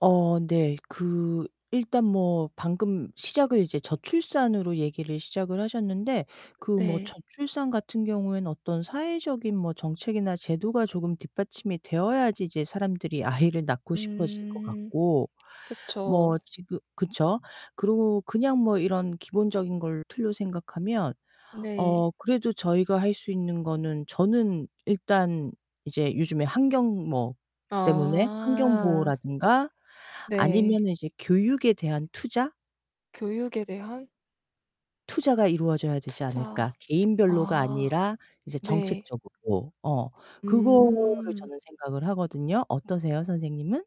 어 네. 그 일단 뭐 방금 시작을 이제 저출산으로 얘기를 시작을 하셨는데 그 뭐 네. 저출산 같은 경우에는 어떤 사회적인 뭐 정책이나 제도가 조금 뒷받침이 되어야지 이제 사람들이 아이를 낳고 싶어질 것 음. 같고. 그쵸. 뭐 지금 그쵸. 그러고 그냥 뭐 이런 기본적인 걸 틀로 생각하면 네. 어 그래도 저희가 할 수 있는 거는 저는 일단 이제 요즘에 환경 뭐 때문에 환경 아. 보호라든가 네. 아니면은 이제 교육에 대한 투자? 교육에 대한 투자가 이루어져야 되지 투자. 않을까? 개인별로가 아. 아니라 이제 네. 정책적으로. 어. 그거를 음. 저는 생각을 하거든요. 어떠세요 선생님은?